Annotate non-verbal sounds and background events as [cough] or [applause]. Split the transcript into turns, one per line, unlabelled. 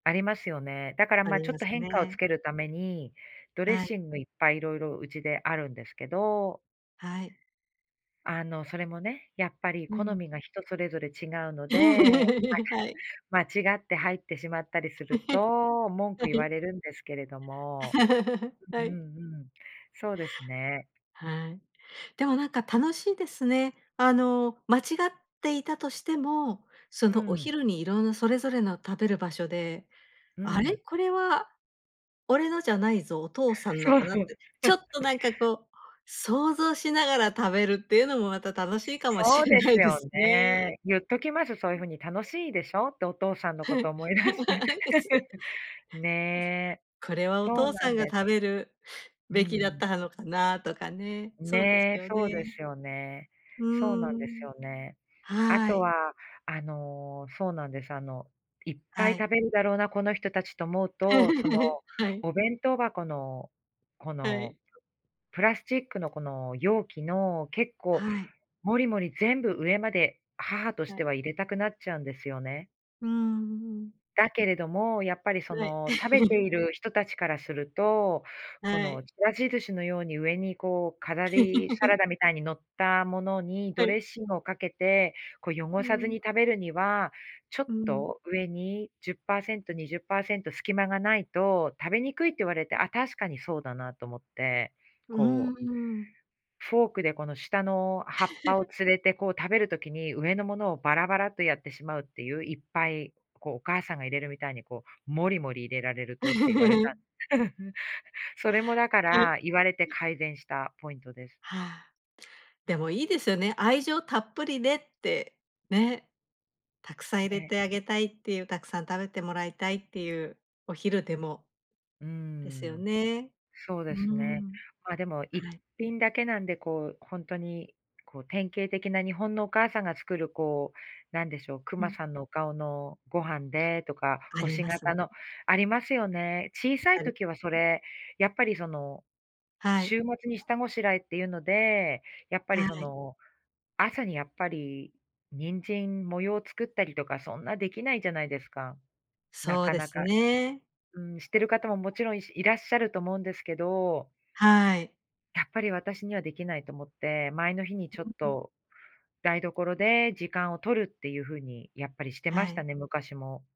ありますよね。だから、
あ
ま、
り
ちょ
ま
っと
す
変化をつ
ね。
けるために、ドレッ
はい。
シングいっぱい色々うちであるんですけど
はい。
あの、それもね、やっぱり
う
好
ん。
みが人それぞれ違うの
[laughs]
で、
はい。
ま、間違って入ってしまったりする
[chuckles]
と文
は
句言わ
い。
れるんですけれども、
[laughs]
う
は
んう
い。
んうん、そうですね。
はい。でもなんか楽しいですね、あの、間違っていたとしても、そ
う
の、お
ん。
昼にいろんなそれぞれの食べる場所で
う
「あれ？
ん。
これは俺のじゃないぞ、お父さんの
そう。
かな？」って、ちょっとなんか
[chuckles]
こう、想像しながら食べるっていうのもまた、楽しいかもし
そう
れ
で
な
す
いで
よ
すね。
ね。言っときますよ、そういう
うん。
風に「楽しいでしょ？」って、お父さん
[laughs]
のこ
はい、
と思い出して。
やつで。
[chuckles] ね。
「これはお
そう
父
な
さ
ん
んが
です。
食べる
う
べきだっ
ん。
た、はのかな？」とかね。そうです
ね、
よ
そうで
ね。
すよね。
う
そうなん
ー
です
ん。
よね。あ
は
と
い。
は、あの、そうなんです、あの「いっぱい
はい。
食べるだろうな、この人たち」と思うと、その、
[laughs] はい。
お弁当箱のこ
は
の
い。
ププラスチックのこの容器の結構
はい。
モリモリ全部上まで、母とし
は
て
い。
は入れたくなっちゃうんですよね。
うーん、うん。
だけれども、やっぱりそ
はい。
の、食べて
[chuckles]
いる人たちからすると、こ
は
の、
い。
ちらし寿司のように上に、こう飾り、サラ
[laughs]
ダみたいに乗ったものに
は
ドレッ
い。
シングをかけて、こ、汚
う
さずに
ん。
食べるには、ちょっ
うん。
と上に、10%、20%隙間がないと食べにくいって言われて、あ、確かにそうだなと思って、
うー
こう
ん。
フォークでこの下の葉っぱを
[chuckles]
連れて、こう、食べる時に上のものをバラバラとやってしまうっていう、いっぱいこう、お母さんが入れるみたいにこう、モリモリ入れられるとって言われた。
[laughs]
[chuckles] それもだか
[chuckles]
ら、言われて改善したポイントです。
はあ。でも、いいですよね、愛情たっぷりでって、ね。たくさん入れ
ね。
てあげたいっていう、たくさん食べてもらいたいっていう、お昼でも
うー
ですよ
ん、
ね。
そう
う
で
ー
すね。
ん。
まあ、でも、いっ
はい。
ぴんだけなんで、こう、ほんとにこう、典型的な日本のお母さんが作る、こう、なんでしょう、ク
う
マ
ん。
さんのお顔のご飯でとか
あり
星
ます。
形のありますよね？小さい
あり
時はそれ、やっぱりその、
はい。
週末に下ごしらえっていうので、やっぱ
は
りそ
い。
の、朝にやっぱり、人参、模様を作ったりとかそんなできないじゃないですか？な
そう
か
で
な
す
か
ね。
うん、してる方ももちろん、しいらっしゃると思うんですけど
はい。
やっぱり私にはできないと思って、前の日にちょ
う
っ
んうん。
と、台所で時間を取るっていうふうにやっぱりしてま
は
し
い。
たね、昔も。